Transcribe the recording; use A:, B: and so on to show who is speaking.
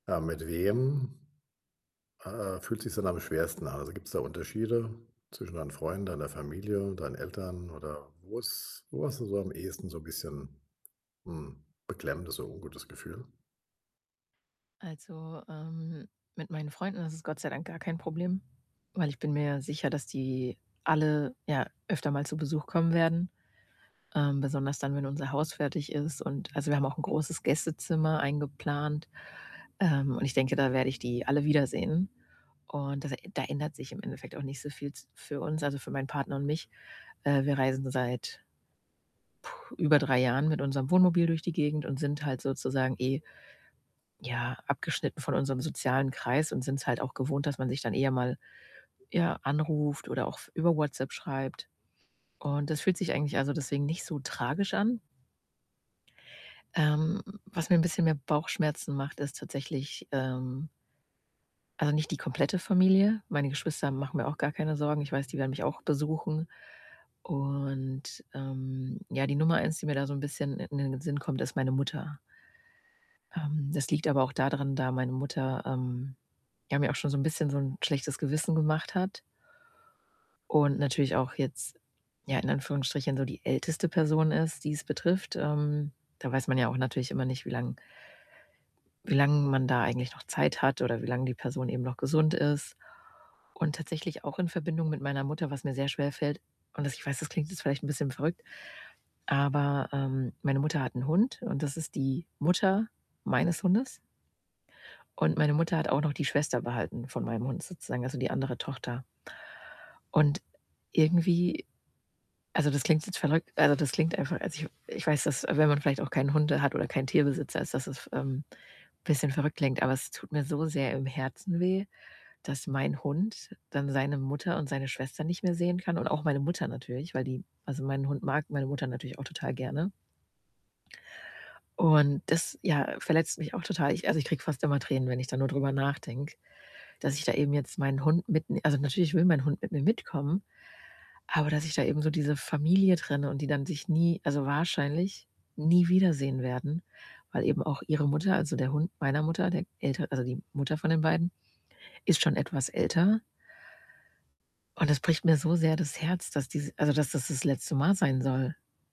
A: Ah, mit wem ah, ah, fühlt sich's denn am schwersten an? Also, gibt's da Unterschiede zwischen deinen Freunden, deiner Familie, deinen Eltern oder wo ist wo hast du so am ehesten so bisschen, hm, beklemmendes und ungutes Gefühl?
B: Also, ähm, mit meinen Freunden ist es Gott sei Dank gar kein Problem, weil ich bin mir ja sicher, dass die alle ja öfter mal zu Besuch kommen werden, ähm, besonders dann, wenn unser Haus fertig ist, und also, wir haben auch 'n großes Gästezimmer eingeplant, ähm, und ich denke, da werde ich die alle wiedersehen. Und das da ändert sich im Endeffekt auch nicht so viel z für uns, also für meinen Partner und mich. Äh, wir reisen seit puh, über 3 Jahren mit unserem Wohnmobil durch die Gegend und sind halt sozusagen eh, ja, abgeschnitten von unserem sozialen Kreis und sind's halt auch gewohnt, dass man sich dann eher mal, ja, anruft oder auch f über WhatsApp schreibt. Und das fühlt sich eigentlich also deswegen nicht so tragisch an. Ähm, was mir 'n bisschen mehr Bauchschmerzen macht, ist tatsächlich, ähm also nicht die komplette Familie. Meine Geschwister machen mir auch gar keine Sorgen, ich weiß, die werden mich auch besuchen. Und, ähm, ja, die Nummer 1, die mir da so 'n bisschen in in den Sinn kommt, ist meine Mutter. Ähm, das liegt aber auch da dran, da meine Mutter, ähm, ja mir auch schon so 'n bisschen so 'n schlechtes Gewissen gemacht hat und natürlich auch jetzt, ja, in Anführungsstrichen, so die älteste Person ist, die es betrifft, ähm, da weiß man ja auch natürlich immer nicht, wie lang wie lang man da eigentlich noch Zeit hat oder wie lang die Person eben noch gesund ist. Und tatsächlich auch in Verbindung mit meiner Mutter, was mir sehr schwerfällt und dass ich weiß, das klingt jetzt vielleicht 'n bisschen verrückt, aber, ähm, meine Mutter hat 'n Hund und das ist die Mutter meines Hundes und meine Mutter hat auch noch die Schwester behalten von meinem Hund sozusagen, also die andere Tochter. Und irgendwie also, das klingt jetzt verrückt, also das klingt einfach, als ich ich weiß, dass wenn man vielleicht auch keine Hunde hat oder keinen Tierbesitzer ist, dass es, ähm, bisschen verrückt klingt, aber es tut mir so sehr im Herzen weh, dass mein Hund dann seine Mutter und seine Schwester nicht mehr sehen kann und auch meine Mutter natürlich, weil die also, mein Hund mag meine Mutter natürlich auch total gerne. Und das, ja, verletzt mich auch total. Ich also, ich kriege fast immer Tränen, wenn ich da nur drüber nachdenke, dass ich da eben jetzt meinen Hund mitn also, natürlich will mein Hund mit mir mitkommen, aber dass ich da eben so diese Familie trenne und die dann sich nie also wahrscheinlich nie wiedersehen werden, weil eben auch ihre Mutter, also, der Hund meiner Mutter, der Älter also, die Mutter von den beiden, ist schon etwas älter und das bricht mir so sehr das Herz, dass die si also, dass das das letzte Mal sein soll.